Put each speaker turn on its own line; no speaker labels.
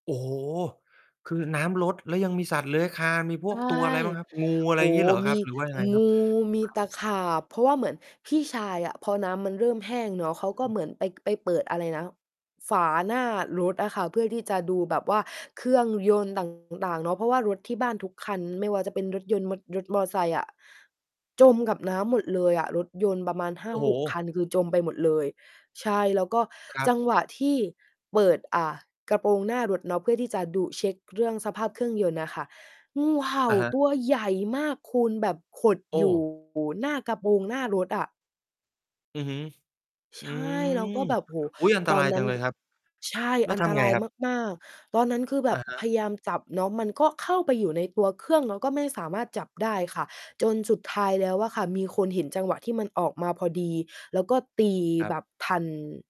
โอ้โฮ คือน้ำลด แล้วยังมีสัตว์เลื้อยคลาน มีพ
ใช
วก
่
ตัว อะไรบ้างครับ? งู อะไ
โอ
ร
้
อย่างงี
โ
้
ฮ
เหรอ
ม
ค
ี
รับ? หรือว่ายังไง
ง
ครั
ู
บ? อ
มี
้
ต
าว
ะขาบ เพราะว่าเหมือนพี่ชายอะ พอน้ำมันเริ่มแห้งเนาะ เขาก็เหมือน ไป ไปเปิดอะไรนะ ฝาหน้ารถอะค่ะ เพื่อที่จะดูแบบว่าเครื่องยนต์ ต่าง ๆ เนาะ เพราะว่ารถที่บ้านทุกคัน ไม่ว่าจะเป็นรถยนต์ มด รถมอไซค์อะ จมกับน้ำหมดเลยอะ รถยนต์ประมาณ ห้
โ
า
อ้โ
หก
ฮ
คัน คือจมไปหมดเลย ใช่ แล้วก็
ครั
จ
บ
ังหวะที่เปิด อ่า กระโปรงหน้ารถเนาะ เพื่อที่จะดุเช็กเรื่องสภาพเครื่องยนต์น่ะค่ะ งูเห่า
อะฮะ
ตัวใหญ่มากคุณ แบบขด
โอ
อยู่
้
หน้ากระโปรงหน้ารถอะ
อือฮึ
ใ
อ
ช
ื
่ เราก็
ม
แบบ โอ้โฮ
อุ๊ย อันต
ตอ
ร
น
าย
นั
จ
้
ั
น
งเล
ก
ยครับ
ใช่
แล้ว
อัน
ท
ต
ำไ
ร
ง
าย
ครับ?
มาก ๆ ตอนนั้น คือแบ
อ
บ
ะ ฮ
พ
ะ
ยายามจับเนาะ มันก็เข้าไปอยู่ในตัวเครื่อง เราก็ไม่สามารถจับได้ค่ะ จนสุดท้ายแล้วอะค่ะ มีคนเห็นจังหวะที่มันออกมาพอดี แล้วก็ตี
ครั
แ
บ
บบทัน